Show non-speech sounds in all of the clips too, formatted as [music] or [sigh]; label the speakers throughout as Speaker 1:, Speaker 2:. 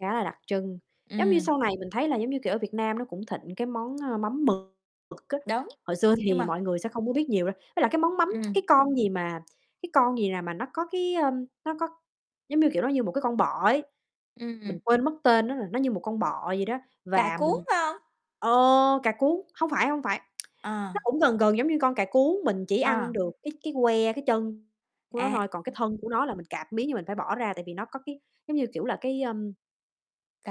Speaker 1: Khá là đặc trưng, giống như
Speaker 2: Ừm.
Speaker 1: sau này mình thấy là giống như kiểu ở Việt Nam nó cũng thịnh cái món, ơ, mắm mực mực á,
Speaker 2: Đúng,
Speaker 1: hồi xưa
Speaker 2: nhưng
Speaker 1: thì
Speaker 2: mà
Speaker 1: mọi người sẽ không có biết nhiều đâu. Với lại cái món mắm, cái
Speaker 2: Ừm.
Speaker 1: con gì mà, cái con gì nè mà nó có cái, ơm, nó có giống như kiểu nó như một cái con bọ ấy,
Speaker 2: Ừm.
Speaker 1: mình quên mất tên nó rồi, nó như một con bọ vậy đó.
Speaker 2: Cả
Speaker 1: Và
Speaker 2: cuống,
Speaker 1: mình
Speaker 2: phải hông?
Speaker 1: ờ, cà cuống, hông phải, hông phải, [tsk]
Speaker 2: Ờ.
Speaker 1: nó cũng gần gần giống như con cà cuống, mình chỉ ăn
Speaker 2: Ờ.
Speaker 1: được cái cái que, cái chân của nó
Speaker 2: À.
Speaker 1: thôi, còn cái
Speaker 2: Ừm.
Speaker 1: thân của nó là mình cạp miếng, nhưng mình phải bỏ ra, tại vì nó có cái giống như kiểu là cái, ơm,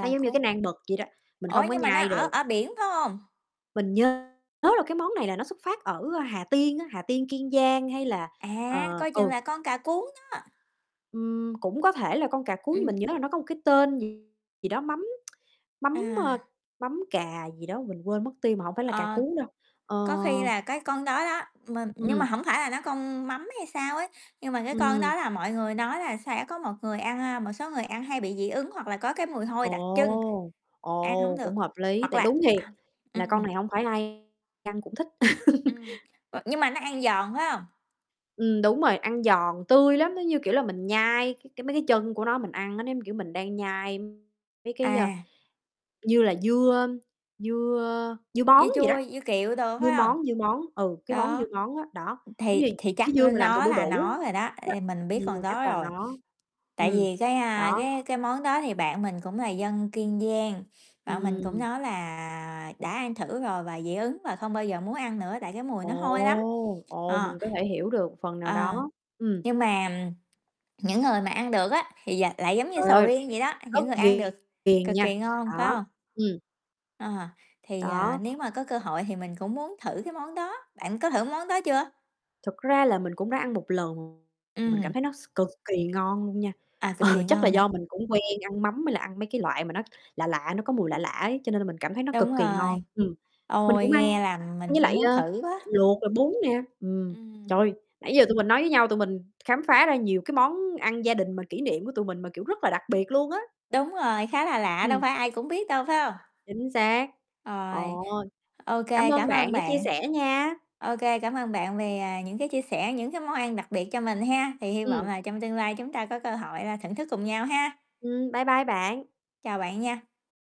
Speaker 1: nó giống như cái
Speaker 2: cuống.
Speaker 1: nan mực vậy đó, mình
Speaker 2: Ủa,
Speaker 1: hông có
Speaker 2: nhưng mà nó
Speaker 1: nhai
Speaker 2: ở
Speaker 1: được.
Speaker 2: ở biển phải hông?
Speaker 1: Mình nhớ là cái món này là nó xuất phát ở Hà Tiên á, Hà Tiên, Kiên Giang hay là,
Speaker 2: À,
Speaker 1: ờ
Speaker 2: coi chừng
Speaker 1: ừ.
Speaker 2: là con cà cuống đó.
Speaker 1: Ừm, cũng có thể là con cà cuống nhưng
Speaker 2: Ừm.
Speaker 1: mình nhớ là nó có một cái tên gì gì đó mắm [tsk] mắm, a,
Speaker 2: À.
Speaker 1: mắm cà gì đó mình quên mất tiêu mà hổng phải là cà
Speaker 2: Ờ,
Speaker 1: cuống đâu, ờ
Speaker 2: có khi là cái con đó đó, mình nhưng mà
Speaker 1: Ừm.
Speaker 2: hổng phải là nó con mắm hay sao ấy, nhưng mà cái con đó
Speaker 1: Ừm.
Speaker 2: là mọi người nói là sẽ có một người ăn, a, một số người ăn hay bị dị ứng hoặc là có cái mùi hôi đặc trưng,
Speaker 1: Ồ,
Speaker 2: ăn hổng
Speaker 1: ồ,
Speaker 2: được,
Speaker 1: cũng hợp lý,
Speaker 2: hoặc
Speaker 1: tại
Speaker 2: là
Speaker 1: đúng thiệt
Speaker 2: à,
Speaker 1: là con
Speaker 2: ừm.
Speaker 1: này hổng phải ai ăn cũng thích. [laughs]
Speaker 2: Ừm, v nhưng mà nó ăn giòn phải hông?
Speaker 1: Ừm, đúng rồi, ăn giòn, tươi lắm, nó như, kiểu, là mình nhai cái cái mấy cái chân của nó mình ăn á, nó giống, kiểu, mình đang nhai mấy cái, ơ,
Speaker 2: À.
Speaker 1: như là dưa, ơm, dưa, ơ, dưa
Speaker 2: Dưa
Speaker 1: bón vậy
Speaker 2: chua
Speaker 1: đó,
Speaker 2: hay dưa kiệu đồ,
Speaker 1: dưa
Speaker 2: phải hông?
Speaker 1: món, dưa món, ừ, cái món dưa
Speaker 2: Đó,
Speaker 1: món á, đó, giống như
Speaker 2: thì thì chắc
Speaker 1: cái dưa mà làm từ
Speaker 2: nó
Speaker 1: đu
Speaker 2: là nó
Speaker 1: đủ
Speaker 2: rồi đó,
Speaker 1: đó.
Speaker 2: ê, mình biết
Speaker 1: Ừm,
Speaker 2: con
Speaker 1: chắc
Speaker 2: đó
Speaker 1: là
Speaker 2: rồi.
Speaker 1: nó.
Speaker 2: Tại
Speaker 1: Ừm,
Speaker 2: vì cái, a,
Speaker 1: đó.
Speaker 2: cái cái món đó thì bạn mình cũng là dân Kiên Giang, bạn mình cũng
Speaker 1: Ừm.
Speaker 2: nói là đã ăn thử rồi và dị ứng và không bao giờ muốn ăn nữa, tại cái mùi nó hôi lắm,
Speaker 1: Ồ, ồ,
Speaker 2: ờ.
Speaker 1: mình có thể hiểu được phần nào
Speaker 2: Ờ,
Speaker 1: đó, ừm.
Speaker 2: nhưng mà, ừm, những người mà ăn được á, thì d lại giống như
Speaker 1: Trời
Speaker 2: sầu
Speaker 1: ơi,
Speaker 2: riêng vậy đó,
Speaker 1: rất
Speaker 2: những người ăn được
Speaker 1: ghiền ghiền
Speaker 2: cực
Speaker 1: nha,
Speaker 2: kỳ ngon, phải
Speaker 1: đó.
Speaker 2: hông?
Speaker 1: Ừm.
Speaker 2: Ờ, thì, à,
Speaker 1: Đó.
Speaker 2: nếu mà có cơ hội thì mình cũng muốn thử cái món đó, bạn có thử cái món đó chưa?
Speaker 1: Thực ra là mình cũng đã ăn một lần, mình cảm
Speaker 2: Ừm.
Speaker 1: thấy nó s cực kỳ ngon luôn nha,
Speaker 2: À,
Speaker 1: ờ,
Speaker 2: cực kỳ
Speaker 1: chắc là
Speaker 2: ngon hả?
Speaker 1: do mình cũng quen ăn mắm hay là ăn mấy cái loại mà nó lạ lạ, nó có mùi lạ lạ ấy, cho nên là mình cảm thấy nó cực
Speaker 2: Đúng
Speaker 1: kỳ ngon,
Speaker 2: rồi.
Speaker 1: ừm. Mình
Speaker 2: Ôi,
Speaker 1: cũng
Speaker 2: nghe
Speaker 1: ăn
Speaker 2: làm mình
Speaker 1: với
Speaker 2: cũng
Speaker 1: lại,
Speaker 2: muốn
Speaker 1: ơ,
Speaker 2: thử quá.
Speaker 1: luộc rồi bún nè, ừm.
Speaker 2: Ừm.
Speaker 1: Trời ơi, nãy giờ tụi mình nói với nhau tụi mình khám phá ra nhiều cái món ăn gia đình mà kỷ niệm của tụi mình mà, kiểu, rất là đặc biệt luôn á.
Speaker 2: Đúng rồi, khá là lạ, đâu
Speaker 1: Ừm.
Speaker 2: phải ai cũng biết đâu, phải hông?
Speaker 1: Chính xác.
Speaker 2: Rồi,
Speaker 1: Ồ!
Speaker 2: OK,
Speaker 1: Cảm ơn
Speaker 2: cảm
Speaker 1: bạn
Speaker 2: ơn
Speaker 1: đã chia
Speaker 2: bạn.
Speaker 1: sẻ nha!
Speaker 2: OK, cảm ơn bạn vì, à, những cái chia sẻ, những cái món ăn đặc biệt cho mình ha, thì hy vọng
Speaker 1: Ừm.
Speaker 2: là trong tương lai chúng ta có cơ hội là thưởng thức cùng nhau ha.
Speaker 1: Ừm, bye bye bạn.
Speaker 2: Chào bạn nha.